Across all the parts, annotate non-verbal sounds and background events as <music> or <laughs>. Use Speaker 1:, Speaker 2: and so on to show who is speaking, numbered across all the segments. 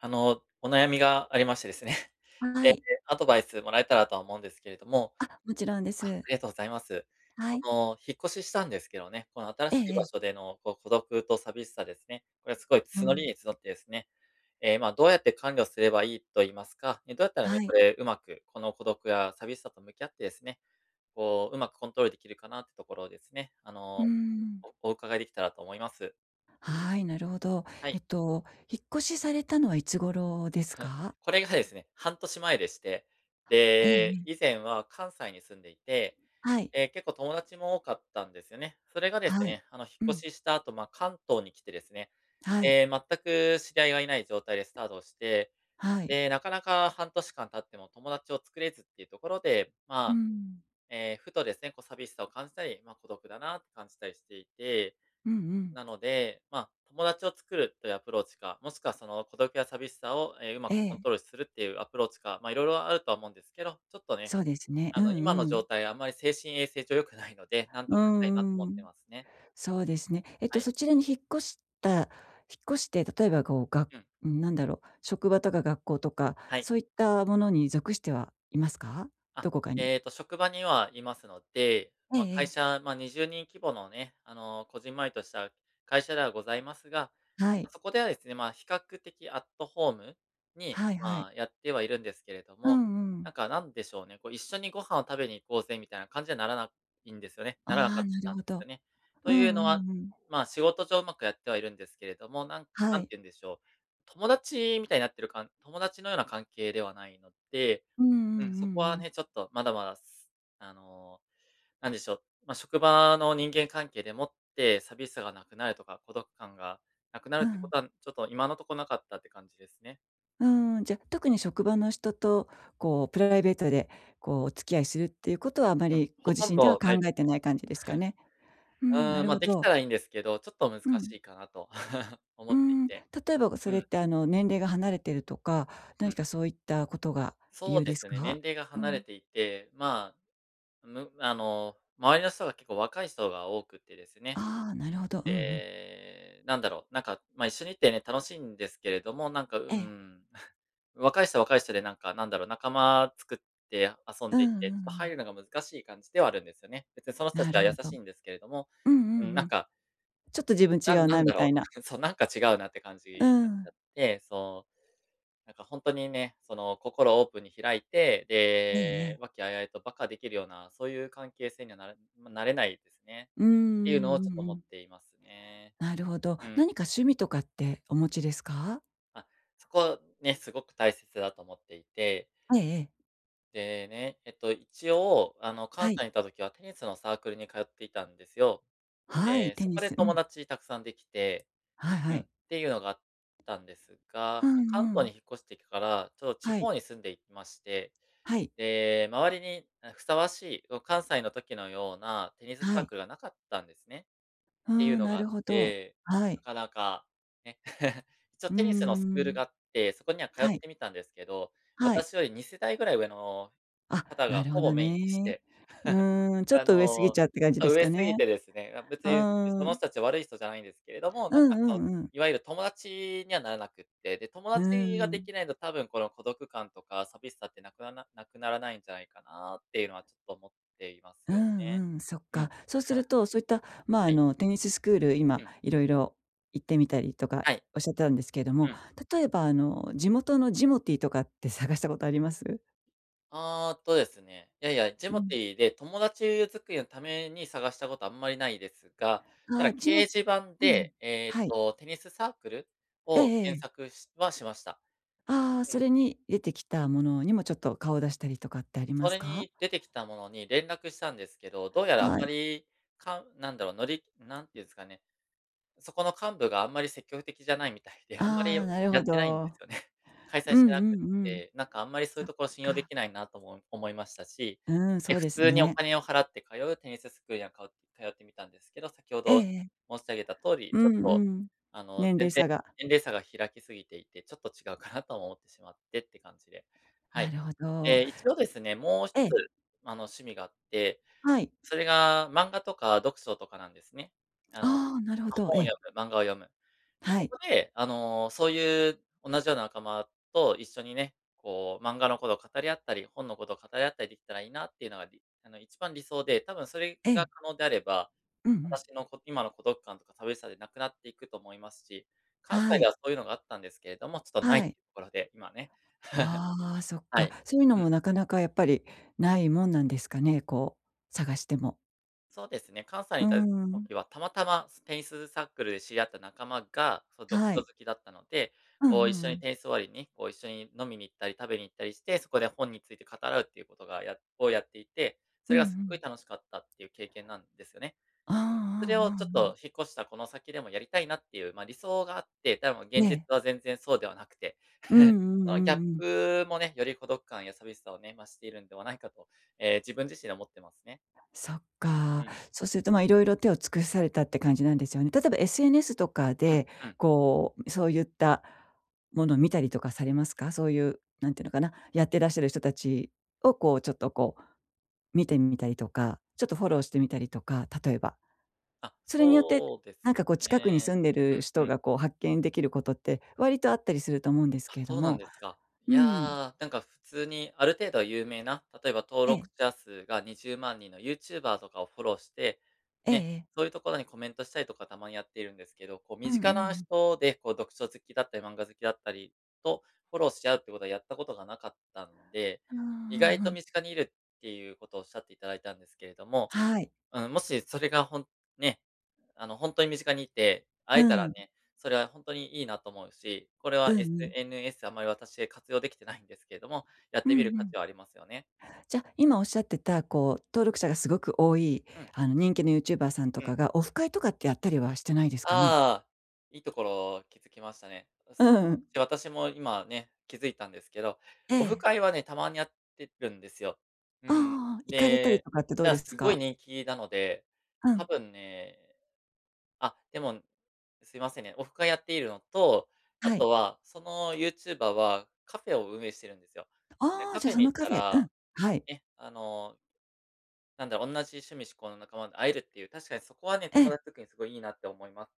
Speaker 1: あの、お悩みがありましてですね、え
Speaker 2: は
Speaker 1: え、
Speaker 2: い。
Speaker 1: アドバイスもらえたらとは思うんですけれども
Speaker 2: あ、もちろんで
Speaker 1: あ、あ
Speaker 2: す。
Speaker 1: りがとうございます。
Speaker 2: は
Speaker 1: こ
Speaker 2: い。
Speaker 1: の引っ越ししたんですけどね、この新
Speaker 2: え
Speaker 1: し
Speaker 2: え
Speaker 1: い
Speaker 2: え
Speaker 1: 場
Speaker 2: え。
Speaker 1: 所での、こう孤独と寂しさですね、これはすごい
Speaker 2: う
Speaker 1: 募
Speaker 2: ん。
Speaker 1: りに募ってですね、ええ、まあどうやって管理をすればいいと言いますか、ええ、どうやったらね、
Speaker 2: は
Speaker 1: こ
Speaker 2: い。
Speaker 1: れ上手くこの孤独や寂しさと向き合ってですね、こう上手くコントロール出来るかなってところをですね、あ
Speaker 2: うー
Speaker 1: の、
Speaker 2: ん。
Speaker 1: おお伺いできたらと思います。
Speaker 2: はい、なるほど。
Speaker 1: は
Speaker 2: え
Speaker 1: い。
Speaker 2: っと引っ越しされたのは、いつ頃です
Speaker 1: は、
Speaker 2: か？
Speaker 1: これがですね、半年前でして、
Speaker 2: ええ
Speaker 1: で、
Speaker 2: ええ。
Speaker 1: 以前は関西に住んでいて、
Speaker 2: はい。
Speaker 1: ええ、結構友達も多かったんですよね。それがです
Speaker 2: はい。
Speaker 1: ね、あの引
Speaker 2: う
Speaker 1: っ
Speaker 2: ん。
Speaker 1: 越しした後、まあ関東に来てですね、
Speaker 2: はい。
Speaker 1: ええ、全く知り合いが居ない状態でスタートして、
Speaker 2: はい。
Speaker 1: で、なかなか半年間経っても友達を作れずっていうところで、
Speaker 2: う
Speaker 1: まあ、
Speaker 2: ん。
Speaker 1: ええ、ふとですね、こう寂しさを感じたり、まあ孤独だなって感じたりしていて、
Speaker 2: うんうん。
Speaker 1: なので、まあ、友達を作るというアプローチか、もしくはその、孤独や寂しさを、ええ、上
Speaker 2: え
Speaker 1: 手くコン
Speaker 2: え。
Speaker 1: トロールするっていうアプローチか、まあ色々あるとは思うんですけど、ちょっとね、
Speaker 2: そうですね。う
Speaker 1: あの、今
Speaker 2: んう
Speaker 1: の状
Speaker 2: ん。
Speaker 1: 態はあんまり精神衛生上良くないので、何
Speaker 2: う
Speaker 1: とかしたいなと思
Speaker 2: ん
Speaker 1: っ
Speaker 2: う
Speaker 1: て
Speaker 2: ん。
Speaker 1: ますね。
Speaker 2: そうですね。えっと、
Speaker 1: はい。
Speaker 2: そちらに引っ越した引っ越して、例えばこう、が
Speaker 1: うん。
Speaker 2: うん、なんだろう、職場とか学校とか、
Speaker 1: はい。
Speaker 2: そういったものに属してはいますか？
Speaker 1: あっ、
Speaker 2: どこかに。
Speaker 1: えっと、職場には居ますので、
Speaker 2: ええ
Speaker 1: まあ
Speaker 2: え
Speaker 1: 会
Speaker 2: え。
Speaker 1: 社、まあ20人規模のね、あの、こじんまりとした会社ではございますが、
Speaker 2: はい。
Speaker 1: そこではですね、まあ比較的アットホームに、
Speaker 2: はいは
Speaker 1: ま
Speaker 2: い。
Speaker 1: あやってはいるんですけれど
Speaker 2: う
Speaker 1: も、
Speaker 2: んうん。
Speaker 1: なんかなんでしょうね、こう「一緒にご飯を食べに行こうぜ」みたいな感じにはならないんですよねならな
Speaker 2: あ
Speaker 1: か
Speaker 2: あ、
Speaker 1: っ
Speaker 2: なる
Speaker 1: たん
Speaker 2: ほ
Speaker 1: です
Speaker 2: ど。
Speaker 1: よね。と
Speaker 2: う
Speaker 1: いうの
Speaker 2: んう
Speaker 1: は、
Speaker 2: んうん。
Speaker 1: まあ仕事上上手くやってはいるんですけれども、なん
Speaker 2: は
Speaker 1: なん
Speaker 2: い。
Speaker 1: て言うんでしょう、友達みたいになってるかん友達のような関係ではないので
Speaker 2: うんうんう
Speaker 1: うん、そこ
Speaker 2: んう
Speaker 1: は
Speaker 2: ん。
Speaker 1: ね、ちょっとまだまだす、あの、なんでしょう、まあ、職場の人間関係でもって寂しさが無くなるとか、孤独感が無くなる
Speaker 2: う
Speaker 1: ってこ
Speaker 2: ん。
Speaker 1: とは、ちょっと今のとこ無かったって感じですね。
Speaker 2: うーん、じゃ、特に職場の人と、こう、プライベートでこう、お付き合いするっていうことはあま
Speaker 1: うん、
Speaker 2: りご
Speaker 1: ほと
Speaker 2: 自
Speaker 1: ん
Speaker 2: 身では
Speaker 1: ど
Speaker 2: 考
Speaker 1: ないで
Speaker 2: え
Speaker 1: す
Speaker 2: て
Speaker 1: ね。
Speaker 2: ない感じですか
Speaker 1: <chuckles>
Speaker 2: ね。う
Speaker 1: う
Speaker 2: ん、な
Speaker 1: ーん、
Speaker 2: る
Speaker 1: ま、
Speaker 2: ほ
Speaker 1: できた
Speaker 2: ど。
Speaker 1: らいんですけど、ちょっと難
Speaker 2: うん。
Speaker 1: しいかなと <chuckles> 思
Speaker 2: うー
Speaker 1: ってい
Speaker 2: ん、例
Speaker 1: て。
Speaker 2: えばそ
Speaker 1: う
Speaker 2: れっ
Speaker 1: ん。
Speaker 2: てあの年齢が離れてるとか、
Speaker 1: う
Speaker 2: 何
Speaker 1: ん。
Speaker 2: かそういったことが理
Speaker 1: そう
Speaker 2: 由
Speaker 1: で
Speaker 2: です
Speaker 1: すね、年
Speaker 2: か？
Speaker 1: 齢が
Speaker 2: う
Speaker 1: 離れ
Speaker 2: ん。
Speaker 1: ていて、まあ、むあの、周りの人が結構若い人が多くてですね。
Speaker 2: ああ、なるほど。うんうん。
Speaker 1: で、なんだろう、なんか、まあ、一緒にいってね、楽しんですけれども、なんか、うー
Speaker 2: ええ。
Speaker 1: ん。<chuckles> 若い人は若い人でなんか、なんだろう、仲間作って遊ん
Speaker 2: うん、
Speaker 1: でいっ
Speaker 2: うんう
Speaker 1: て、ま、入
Speaker 2: ん。
Speaker 1: るのが難しい感じではあるんですよね。別にその人た
Speaker 2: な
Speaker 1: ちは
Speaker 2: る
Speaker 1: 優
Speaker 2: ほど。
Speaker 1: しんですけれども、
Speaker 2: うんう
Speaker 1: うん、
Speaker 2: ん
Speaker 1: な
Speaker 2: う
Speaker 1: ん
Speaker 2: ん。
Speaker 1: か
Speaker 2: ちょっと自分
Speaker 1: な
Speaker 2: 違
Speaker 1: ん
Speaker 2: う
Speaker 1: な
Speaker 2: な
Speaker 1: ん
Speaker 2: み
Speaker 1: だろ
Speaker 2: た
Speaker 1: う。
Speaker 2: いな。
Speaker 1: <chuckles> そう、なんか違うなって感じ
Speaker 2: う
Speaker 1: になっちゃ
Speaker 2: ん。
Speaker 1: って、そう。なんか、ほんとにね、その、心をオープンに開いて、
Speaker 2: えええ
Speaker 1: で、
Speaker 2: え。
Speaker 1: 和気あいあいと馬鹿できるような、そういう関係性には、なれまあ、なれないですね。
Speaker 2: うーん、
Speaker 1: ていうのを
Speaker 2: うんう
Speaker 1: ちょっと思っ
Speaker 2: ん。
Speaker 1: ていますね。
Speaker 2: なるほど。
Speaker 1: うん。
Speaker 2: 何か趣味とかってお持ちですか？
Speaker 1: あ、そこ、ね、すごく大切だと思っていて。
Speaker 2: ええええ。
Speaker 1: でね、えっと、一応、あの、関
Speaker 2: はい。
Speaker 1: 西にいた時はテニスのサークルに通っていたんですよ。
Speaker 2: はい、
Speaker 1: で、
Speaker 2: テ
Speaker 1: そ
Speaker 2: ニ
Speaker 1: こで
Speaker 2: ス、う
Speaker 1: 友
Speaker 2: ん。
Speaker 1: 達たくさんできて、
Speaker 2: はいは
Speaker 1: うん、っ
Speaker 2: い。
Speaker 1: ていうのがあったんです
Speaker 2: う
Speaker 1: が、
Speaker 2: ん
Speaker 1: 関
Speaker 2: う
Speaker 1: 東に
Speaker 2: ん。
Speaker 1: 引っ越してきから、ちょと地
Speaker 2: はい。
Speaker 1: 方に住んでいまして、
Speaker 2: はい。
Speaker 1: で、周りに、ん、ふさわしい、ご関西の時のようなテニス
Speaker 2: は
Speaker 1: サー
Speaker 2: い。
Speaker 1: クルがなかったんですね。
Speaker 2: あ
Speaker 1: っていう
Speaker 2: あ、
Speaker 1: の
Speaker 2: な
Speaker 1: があ
Speaker 2: る
Speaker 1: っ
Speaker 2: ほど。
Speaker 1: て、
Speaker 2: は
Speaker 1: な
Speaker 2: い。
Speaker 1: かなか、ね。<chuckles> いちお
Speaker 2: うー
Speaker 1: テニスのスクール
Speaker 2: ん。
Speaker 1: があって、そこには通っ
Speaker 2: はい。
Speaker 1: てみたんですけど、
Speaker 2: はい。
Speaker 1: 私より二世代ぐらい上の
Speaker 2: あ、
Speaker 1: 方
Speaker 2: な
Speaker 1: が
Speaker 2: る
Speaker 1: ほ
Speaker 2: ほど
Speaker 1: ぼメインでし
Speaker 2: ね。
Speaker 1: て。
Speaker 2: うーん、ちょ
Speaker 1: <chuckles>
Speaker 2: っ
Speaker 1: あ
Speaker 2: と上過ぎ
Speaker 1: の、
Speaker 2: ちゃって感じ
Speaker 1: あ、
Speaker 2: です
Speaker 1: 上
Speaker 2: か
Speaker 1: 過ぎ
Speaker 2: ね。
Speaker 1: てですね、ま、別
Speaker 2: う
Speaker 1: に、で、
Speaker 2: ー
Speaker 1: その
Speaker 2: ん。
Speaker 1: 人たちは悪い人じゃないんですけれども、
Speaker 2: う
Speaker 1: なんか、
Speaker 2: んう
Speaker 1: その、
Speaker 2: んうん。
Speaker 1: いわゆる友達にはならなくって、で、友
Speaker 2: うー
Speaker 1: 達がで
Speaker 2: ん。
Speaker 1: きないと多分この孤独感とか寂しさって無くなな無くならないんじゃないかなっていうのは、ちょっと思っています
Speaker 2: う
Speaker 1: よね。
Speaker 2: んうん、そっ
Speaker 1: う
Speaker 2: か。
Speaker 1: ん。
Speaker 2: そうする
Speaker 1: <chuckles>
Speaker 2: と、そういった、まあ、
Speaker 1: は
Speaker 2: あ
Speaker 1: い。
Speaker 2: の、テニススクール、今
Speaker 1: うん。
Speaker 2: 色々行ってみたりとか、
Speaker 1: はい。
Speaker 2: おっしゃってたんですけれども、
Speaker 1: うん。
Speaker 2: 例えばあの、地元のジモティーとかって探したことあります？
Speaker 1: ああ、とですね、いやいや、ジ
Speaker 2: う
Speaker 1: モ
Speaker 2: ん。
Speaker 1: ティで友達を作りのために探したことあんまりないですが、た
Speaker 2: あ
Speaker 1: だ
Speaker 2: あ、
Speaker 1: 掲
Speaker 2: ジモ
Speaker 1: 示板
Speaker 2: うん、
Speaker 1: で、ええ
Speaker 2: はい。
Speaker 1: と、テニスサークル
Speaker 2: ええ
Speaker 1: を検
Speaker 2: ええ。
Speaker 1: 索しはしました。
Speaker 2: ああ、
Speaker 1: う
Speaker 2: そ
Speaker 1: ん。
Speaker 2: れに出てきたものにも、ちょっと顔を出したりとかってあり
Speaker 1: そ
Speaker 2: ます
Speaker 1: れ
Speaker 2: か？
Speaker 1: に出てきたものに連絡したんですけど、どうやらあん
Speaker 2: は
Speaker 1: ま
Speaker 2: い。
Speaker 1: り、かんなんだろう、のり何て言うんすかね、そこの幹部があんまり積極的じゃないみたいで、あんまり
Speaker 2: ああ、なる
Speaker 1: や
Speaker 2: ほ
Speaker 1: ってないんです
Speaker 2: ど。
Speaker 1: よね。開
Speaker 2: う
Speaker 1: 催
Speaker 2: ん
Speaker 1: してなく
Speaker 2: う
Speaker 1: っ
Speaker 2: んうん。
Speaker 1: て。なんか、あんまりそうい
Speaker 2: そ
Speaker 1: う
Speaker 2: っ
Speaker 1: ところ信用で
Speaker 2: か。
Speaker 1: きないな、とも思いましたし、
Speaker 2: うーん、そ
Speaker 1: え、
Speaker 2: う
Speaker 1: 普
Speaker 2: です
Speaker 1: 通にお
Speaker 2: ね。
Speaker 1: 金を払って通うテニススクールにはかお通ってみたんですけど、先ほ
Speaker 2: ええ
Speaker 1: ど
Speaker 2: ええ。
Speaker 1: 申し上げた通り、
Speaker 2: う
Speaker 1: ちょっ
Speaker 2: ん
Speaker 1: と、
Speaker 2: うん。
Speaker 1: あの、
Speaker 2: 年
Speaker 1: ぜん
Speaker 2: 齢
Speaker 1: ぜ
Speaker 2: 差が。
Speaker 1: 年齢差が開きすぎていて、ちょっと違うかなとも思ってしまってって感じで、は
Speaker 2: な
Speaker 1: い。
Speaker 2: るほど。
Speaker 1: ええ、一応ですね、もう一つ、
Speaker 2: ええ。
Speaker 1: あの、趣味があって、
Speaker 2: はい。
Speaker 1: それが漫画とか読書とかなんですね。あの、
Speaker 2: ああ、なるほ
Speaker 1: ま、
Speaker 2: ど、え
Speaker 1: 本を
Speaker 2: え。
Speaker 1: 読む、漫画を読む。
Speaker 2: は
Speaker 1: こ
Speaker 2: い。
Speaker 1: こで、あの、そういう同じような仲間と一緒にね、こう、漫画のことを語り合ったり、本のことを語り合ったりできたらいいなっていうのが、りあの、一番理想で、多分それ
Speaker 2: え
Speaker 1: が
Speaker 2: え。
Speaker 1: 可能であれば、
Speaker 2: うんうん。
Speaker 1: 私のこ今の孤独感とか寂しさでなくなっていくと思いますし、関
Speaker 2: は
Speaker 1: 西で
Speaker 2: い。
Speaker 1: はそういうのがあったんですけれども、ちょっと無いっ
Speaker 2: は
Speaker 1: てと
Speaker 2: い。
Speaker 1: ころで、今ね。<chuckles>
Speaker 2: ああ、そっ
Speaker 1: は
Speaker 2: か。
Speaker 1: い。
Speaker 2: そういうの
Speaker 1: うん。
Speaker 2: もなかなかやっぱり、無いもんなんですかね、こう、探しても。
Speaker 1: そうですね、関西に
Speaker 2: うー
Speaker 1: いた
Speaker 2: ん。
Speaker 1: 時は、たまたま、すテニスサークルで知り合った仲間が、その、読書
Speaker 2: は
Speaker 1: 好
Speaker 2: い。
Speaker 1: きだったので、
Speaker 2: うんう
Speaker 1: こう一
Speaker 2: んう
Speaker 1: 緒に
Speaker 2: ん。
Speaker 1: テニス終わりに、こう一緒に飲みに行ったり食べに行ったりして、そこで本について語らうっていうことが、やをやっていて、
Speaker 2: う
Speaker 1: そ
Speaker 2: ん
Speaker 1: れ
Speaker 2: う
Speaker 1: がすっごい
Speaker 2: ん。
Speaker 1: 楽しかったっていう経験なんですね。
Speaker 2: ああああ
Speaker 1: うん、それを
Speaker 2: あ
Speaker 1: ちょっ
Speaker 2: あああ。
Speaker 1: と引っ越したこの先でもやりたいなっていうまあ、理想があって、でも
Speaker 2: ね
Speaker 1: 現実
Speaker 2: え。
Speaker 1: は全然そうではなくて、<chuckles>
Speaker 2: うんうんう
Speaker 1: そのギャ
Speaker 2: ん
Speaker 1: ッ
Speaker 2: うん。
Speaker 1: プもね、より孤独感や寂しさをね、増しているんではないかと、ええ、自分自身、思ってますね。
Speaker 2: そっか。
Speaker 1: うん。
Speaker 2: そうするとまあ、色々手を尽くされたって感じなんですよね。例えば SNS とか
Speaker 1: うん
Speaker 2: で、
Speaker 1: うん。
Speaker 2: こう、そうゆったもの見たりとかされますか？そういう、なんて言うのかな、やってらっしゃる人たちをこうちょっとこう、見てみたりとか、ちょっとフォローしてみたりとか、例えば。
Speaker 1: あ、
Speaker 2: それによって、
Speaker 1: そうで
Speaker 2: なんか
Speaker 1: す
Speaker 2: こう近くに
Speaker 1: ね、
Speaker 2: 住んで
Speaker 1: う
Speaker 2: る
Speaker 1: ん
Speaker 2: 人
Speaker 1: うん。
Speaker 2: がこう、発見できることって割とあったりすると思うんです
Speaker 1: あ、
Speaker 2: けど
Speaker 1: そうなん
Speaker 2: も、
Speaker 1: ですか。い
Speaker 2: う
Speaker 1: や、
Speaker 2: ん。
Speaker 1: なんか普通にある程度は有名な、例えば登
Speaker 2: え
Speaker 1: 録
Speaker 2: え。
Speaker 1: 者数が20万人の YouTuber とかをフォローして、
Speaker 2: ええ、
Speaker 1: ね、
Speaker 2: え。
Speaker 1: そういうところにコメントしたりとかたまにやっているんですけど、こう
Speaker 2: うん
Speaker 1: 身
Speaker 2: う
Speaker 1: 近な
Speaker 2: ん、ん。
Speaker 1: 人で、こう読書好きだったり漫画好きだったり、と、フォローし合うってことはやったことがなかったので、
Speaker 2: うんう
Speaker 1: 意
Speaker 2: ん、
Speaker 1: 外
Speaker 2: ふ
Speaker 1: と
Speaker 2: ん。
Speaker 1: 身近にいるっていうことをおっしゃっていただいたんですけれども、
Speaker 2: はい。
Speaker 1: うーん、もしそれがほんね、あの、ほんとに身近にいて、会えた
Speaker 2: う
Speaker 1: ら
Speaker 2: ん。
Speaker 1: ね、それはほんとにいいなと思うし、これ
Speaker 2: う
Speaker 1: は、
Speaker 2: んうん。
Speaker 1: SNS あんまり、私、活用できてないんですけども、やっ
Speaker 2: うん
Speaker 1: て
Speaker 2: う
Speaker 1: みる価
Speaker 2: ん。
Speaker 1: 値はありますよね。
Speaker 2: じゃ、今おっしゃってた、こう、登録者がすごく多い
Speaker 1: うん。
Speaker 2: あの人気の YouTuber さんと
Speaker 1: う
Speaker 2: か
Speaker 1: ん。
Speaker 2: が、オフ会とかってやったりはしてないです
Speaker 1: ああ
Speaker 2: かね？
Speaker 1: ああ、いいところ気づきましたね。で
Speaker 2: う
Speaker 1: す
Speaker 2: んうん。
Speaker 1: で、私も今ね、気づいたんですけど、
Speaker 2: え
Speaker 1: オフ
Speaker 2: え。
Speaker 1: 会はね、たまにやってるんですよ。う
Speaker 2: あああ
Speaker 1: ん、
Speaker 2: あああ。行かれたり
Speaker 1: で、
Speaker 2: とかってどう
Speaker 1: だ、
Speaker 2: ですす
Speaker 1: 凄い
Speaker 2: か？
Speaker 1: 人気なので、
Speaker 2: う
Speaker 1: 多
Speaker 2: ん。
Speaker 1: 分ねあ、でも、ん、すいませんね、オフ会やっているのと、あ
Speaker 2: はい。
Speaker 1: とは、その YouTuber はカフェを運営してるんですよ。で
Speaker 2: あ
Speaker 1: カ
Speaker 2: あ、じ
Speaker 1: フ
Speaker 2: ゃ、
Speaker 1: ェ
Speaker 2: そ
Speaker 1: に
Speaker 2: の
Speaker 1: 行っ
Speaker 2: カ
Speaker 1: た
Speaker 2: フェうん、
Speaker 1: ら、
Speaker 2: はい。
Speaker 1: ね、あのなんで、おんなじ趣味嗜好の仲間に会えるっていう、確かにそこはね、
Speaker 2: え
Speaker 1: 友
Speaker 2: え。
Speaker 1: 達づくりにすごいいいなって思います。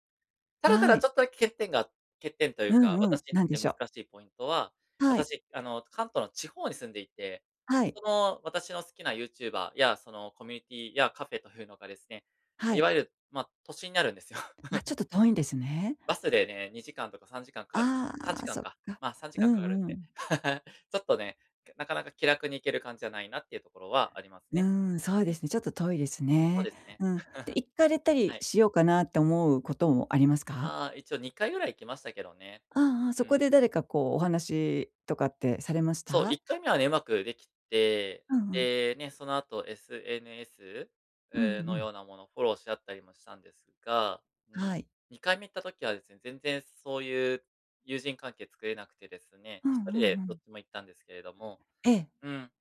Speaker 1: ただた
Speaker 2: は
Speaker 1: だ
Speaker 2: い。
Speaker 1: ちょっとだけ欠点が欠点という
Speaker 2: う
Speaker 1: か、
Speaker 2: んうん、
Speaker 1: 私に
Speaker 2: な
Speaker 1: とっ
Speaker 2: んで
Speaker 1: て
Speaker 2: し
Speaker 1: 難
Speaker 2: ょう？
Speaker 1: しいポイントは、
Speaker 2: はい。
Speaker 1: 私あの、関東の地方に住んでいて、
Speaker 2: はい。
Speaker 1: その、私の好きな YouTuber や、そのコミュニティやカフェというのがですね、
Speaker 2: は
Speaker 1: い
Speaker 2: い。
Speaker 1: わゆる、ま、都心にあるんですよ。
Speaker 2: あ、ちょっ
Speaker 1: <chuckles>
Speaker 2: と遠いんですね。
Speaker 1: バスでね、2時間とか3時間かか
Speaker 2: あ
Speaker 1: さんじ
Speaker 2: あ、
Speaker 1: かん
Speaker 2: そっ
Speaker 1: か、
Speaker 2: か。
Speaker 1: まあさんじ
Speaker 2: う
Speaker 1: かんかかる
Speaker 2: ん
Speaker 1: ん
Speaker 2: う
Speaker 1: で、
Speaker 2: ん。
Speaker 1: <chuckles> ちょっとね、けなかなか気楽に行ける感じじゃないなっていうところはあります
Speaker 2: うー
Speaker 1: ね。
Speaker 2: ん、そう
Speaker 1: う
Speaker 2: で
Speaker 1: ん。
Speaker 2: すね、ちょっと遠いです
Speaker 1: そう
Speaker 2: ね。
Speaker 1: ですね。
Speaker 2: うん。で、行かれ
Speaker 1: <chuckles>
Speaker 2: たり
Speaker 1: はい。
Speaker 2: しようかなって思うこともありますか？
Speaker 1: ああ、一応、2回ぐらい行きましたけどね、
Speaker 2: ああああ、そ
Speaker 1: う
Speaker 2: こ
Speaker 1: ん。
Speaker 2: で誰かこう、お話とかってされまし
Speaker 1: そう、い
Speaker 2: た？
Speaker 1: っかいめはね、うまくできて、
Speaker 2: うんうん。
Speaker 1: でね、その後 SNS？
Speaker 2: うんう
Speaker 1: う、の
Speaker 2: ん。
Speaker 1: ようなものフォローし合ったりもしたんですが、うー
Speaker 2: は
Speaker 1: ん、
Speaker 2: い。
Speaker 1: 2回目行った時はですね、全然そういう、友人関係作れなくてですね、
Speaker 2: うんうん
Speaker 1: 1人で
Speaker 2: う
Speaker 1: どっ
Speaker 2: ん。
Speaker 1: ちも行ったんですけれども、
Speaker 2: ええ。
Speaker 1: うん。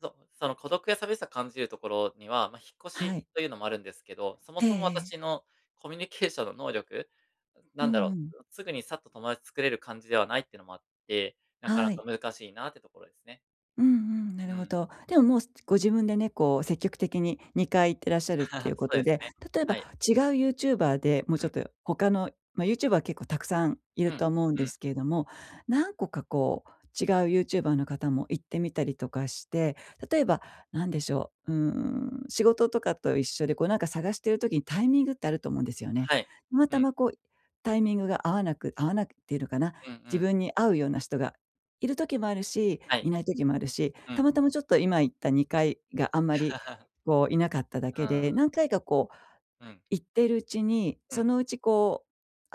Speaker 1: そその孤独や寂しさ感じるところには、まあ引っ越
Speaker 2: は
Speaker 1: し
Speaker 2: い。
Speaker 1: というのもあるんですけど、そも
Speaker 2: ええ
Speaker 1: そも
Speaker 2: ええ。
Speaker 1: 私のコミュニケーションの能力
Speaker 2: う
Speaker 1: なんだ
Speaker 2: んう
Speaker 1: ろ、
Speaker 2: ん。
Speaker 1: すぐにさっと友達作れる感じではないっていうのもあって、なかな
Speaker 2: はい。
Speaker 1: か難しいなってところですね。
Speaker 2: うんうん、な
Speaker 1: う
Speaker 2: るほ
Speaker 1: ん。
Speaker 2: ど。でももうすご自分でね、こう積極的に2回行ってらっしゃるっていう
Speaker 1: <laughs> そ
Speaker 2: こ
Speaker 1: う
Speaker 2: と
Speaker 1: です
Speaker 2: で、
Speaker 1: ね、
Speaker 2: 例えば、
Speaker 1: はい。
Speaker 2: 違う YouTuber で、もう
Speaker 1: う
Speaker 2: ちょっ
Speaker 1: ん。
Speaker 2: と、他のま、YouTuber は結構たくさん居
Speaker 1: う
Speaker 2: る
Speaker 1: ん、
Speaker 2: とは思うん
Speaker 1: う
Speaker 2: で
Speaker 1: ん。
Speaker 2: すけれども、何個かこう、違う YouTuber の方も行ってみたりとかして、例えば、なんでしょう、うーん、仕事とかと一緒で、こうなんか探している時にタイミングってあると思うんですよね。
Speaker 1: はい。
Speaker 2: たま
Speaker 1: う
Speaker 2: た
Speaker 1: ん。
Speaker 2: まこう、タイミングが合わなく合わなくって言うのかな、
Speaker 1: うんう
Speaker 2: 自
Speaker 1: ん。
Speaker 2: 分に合うような人が居る時もあるし、
Speaker 1: は
Speaker 2: 居
Speaker 1: い。
Speaker 2: ない時もあるし、
Speaker 1: う
Speaker 2: た
Speaker 1: ん。
Speaker 2: またまちょっと今行った2回があんまり
Speaker 1: <laughs>
Speaker 2: こう、居なかっただけ
Speaker 1: あ
Speaker 2: で、何
Speaker 1: あ。
Speaker 2: 回かこう、
Speaker 1: うん。
Speaker 2: 行ってるうちに、
Speaker 1: う
Speaker 2: そ
Speaker 1: ん。
Speaker 2: のうちこう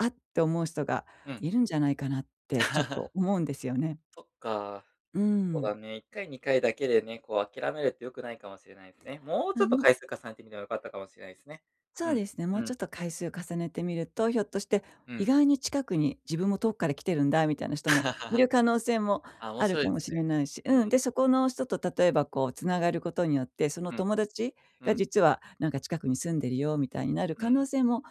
Speaker 2: 「あっ」って思う人が
Speaker 1: うん。
Speaker 2: 居るんじゃないかなってちょっと
Speaker 1: <laughs>
Speaker 2: 思うんですよね。
Speaker 1: そっか。
Speaker 2: う
Speaker 1: そう
Speaker 2: ん。
Speaker 1: だね、1回2回だけでね、こう諦めるって良くないかもしれないですね。もうち
Speaker 2: あ
Speaker 1: ょっと
Speaker 2: の
Speaker 1: 回数重ねてみれば良かったかもしれないすね。
Speaker 2: そ
Speaker 1: う
Speaker 2: う
Speaker 1: ん、
Speaker 2: ですね、も
Speaker 1: う
Speaker 2: うちょ
Speaker 1: ん。
Speaker 2: っと回数を重ねてみると、ひょっとして、
Speaker 1: う
Speaker 2: 意
Speaker 1: ん。
Speaker 2: 外に近くに、「自分も遠くから来てるんだ」みたいな人も居
Speaker 1: <laughs>
Speaker 2: る可能性も
Speaker 1: あ、面
Speaker 2: ある
Speaker 1: 白い
Speaker 2: か
Speaker 1: で
Speaker 2: も
Speaker 1: すね。
Speaker 2: しれないし
Speaker 1: う
Speaker 2: うん、
Speaker 1: ん。
Speaker 2: で、そこの人と例えばこう繋がることによって、その
Speaker 1: うん。
Speaker 2: 「友達
Speaker 1: う
Speaker 2: が
Speaker 1: ん。
Speaker 2: 実はなんか近くに住んでるよ」みたいになる
Speaker 1: う
Speaker 2: 可能
Speaker 1: ん。
Speaker 2: 性も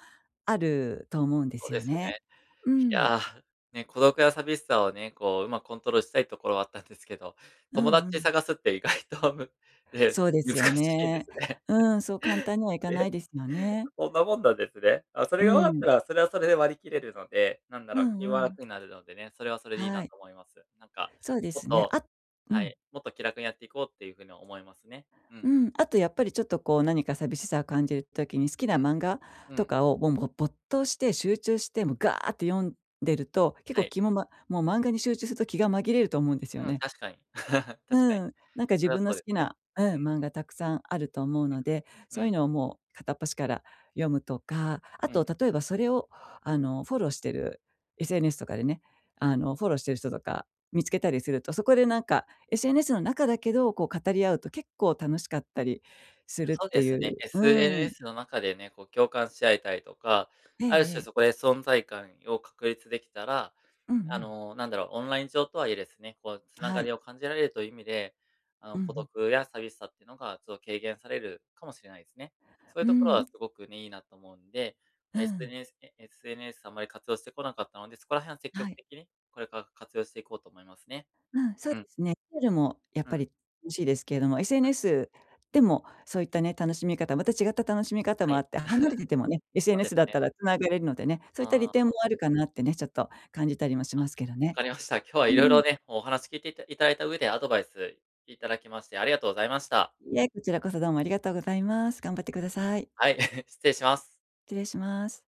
Speaker 2: あると思うんで
Speaker 1: そう
Speaker 2: す
Speaker 1: で
Speaker 2: よ
Speaker 1: すよ
Speaker 2: ね。
Speaker 1: ね。
Speaker 2: う
Speaker 1: い
Speaker 2: ん。
Speaker 1: やあ、ね、孤独や寂しさをね、こう上手くコントロールしたいところはあったんですけど、
Speaker 2: う
Speaker 1: 友
Speaker 2: んう
Speaker 1: 達
Speaker 2: ん。
Speaker 1: 探すって意外とむね、
Speaker 2: そうで
Speaker 1: 難
Speaker 2: すよ
Speaker 1: しいで
Speaker 2: ね。
Speaker 1: すね。
Speaker 2: うん、そう簡
Speaker 1: <chuckles>
Speaker 2: 単にはいかな
Speaker 1: え？
Speaker 2: いですよね。
Speaker 1: こんなもんなんですね？あ、それ
Speaker 2: う
Speaker 1: が分かった
Speaker 2: ん。
Speaker 1: ら、それはそれで割り切れるので、なんだ
Speaker 2: う
Speaker 1: ろう、
Speaker 2: ん
Speaker 1: 気
Speaker 2: う
Speaker 1: は
Speaker 2: ん。
Speaker 1: 楽になるのでね、それはそれでいいな
Speaker 2: はい。
Speaker 1: と思います。なんか、
Speaker 2: そうで
Speaker 1: もっ
Speaker 2: すね。
Speaker 1: と
Speaker 2: あう
Speaker 1: は
Speaker 2: ん。
Speaker 1: い、もっと気楽にやっていこうっていう風には思いますね。う
Speaker 2: う
Speaker 1: ん。
Speaker 2: ん、あとやっぱり、ちょっとこう何か寂しさを感じる時に、好きな
Speaker 1: うん、
Speaker 2: 漫画
Speaker 1: う
Speaker 2: と
Speaker 1: ん。
Speaker 2: かを、もうぼ没頭して集中して、も、ガーって読んでると、結
Speaker 1: は
Speaker 2: 構
Speaker 1: い。
Speaker 2: 気もまもう漫画に集中すると気が紛れると思うんですよ
Speaker 1: うん、
Speaker 2: ね。
Speaker 1: 確かに。<laughs> 確かに。
Speaker 2: うん。なんか自
Speaker 1: それは
Speaker 2: 分の
Speaker 1: そう
Speaker 2: 好
Speaker 1: です
Speaker 2: き
Speaker 1: ね。
Speaker 2: な
Speaker 1: う
Speaker 2: う
Speaker 1: ん。
Speaker 2: ん、漫画たくさんあると思うので、
Speaker 1: う
Speaker 2: そういう
Speaker 1: ん。
Speaker 2: のをもう片っ端から読むとか、あ
Speaker 1: うん。
Speaker 2: と例えばそれを、あのフォローしてる SNS とかでね、あの、フォローしてる人とか見つけたりすると、そこでなんか、SNS の中だけど、こう語り合うと結構楽しかったりす
Speaker 1: いや、
Speaker 2: るっ
Speaker 1: そう
Speaker 2: て
Speaker 1: で
Speaker 2: い
Speaker 1: すね、
Speaker 2: う、うん。
Speaker 1: SNS の中でね、こう共感し合えたりとか、
Speaker 2: ええ
Speaker 1: ある
Speaker 2: え
Speaker 1: 種
Speaker 2: え。
Speaker 1: そこで存在感を確立出来たら、
Speaker 2: うんう
Speaker 1: あ
Speaker 2: ん。
Speaker 1: の、なんだろう、オンライン上とはいえですね、こう繋
Speaker 2: は
Speaker 1: が
Speaker 2: い。
Speaker 1: りを感じられるという意味で、あ
Speaker 2: う
Speaker 1: の、
Speaker 2: んう
Speaker 1: 孤
Speaker 2: ん。
Speaker 1: 独や寂しさってのがちょっと軽減されるかもしれないですね。そういう
Speaker 2: う
Speaker 1: ところは
Speaker 2: ん。
Speaker 1: すごくね、いいなと思うんで、
Speaker 2: うん。
Speaker 1: SNS ね、SNS あんまり活用してこなかったので、そこら辺は積
Speaker 2: は
Speaker 1: 極
Speaker 2: い。
Speaker 1: 的に、これから活用していこうと思いますね。
Speaker 2: うん、そう
Speaker 1: うん。
Speaker 2: ですね。<unintelligible> ルも、やっ
Speaker 1: う
Speaker 2: ぱ
Speaker 1: ん。
Speaker 2: り欲しいですけれども、SNS でも、そういったね、楽しみ方また違った楽しみ方
Speaker 1: は
Speaker 2: もあ
Speaker 1: い。
Speaker 2: って、離れててもね、
Speaker 1: <chuckles> そうで
Speaker 2: SNS
Speaker 1: す
Speaker 2: だっ
Speaker 1: ね。
Speaker 2: たら繋がれるのでね、そういった利
Speaker 1: あ
Speaker 2: 点も
Speaker 1: あ。
Speaker 2: あるかなってね、ちょっと感じたりもし
Speaker 1: あ、
Speaker 2: ますけど
Speaker 1: 分
Speaker 2: ね。
Speaker 1: かりました。今日は
Speaker 2: う
Speaker 1: 色々
Speaker 2: ん。
Speaker 1: ね、もうお話聞いていたいただいた上でアドバイスいただきまして、ありがとうございました。
Speaker 2: いえ、こちらこそどうもありがとうございます。頑張ってください。
Speaker 1: はい、<chuckles> 失礼します。
Speaker 2: 失礼します。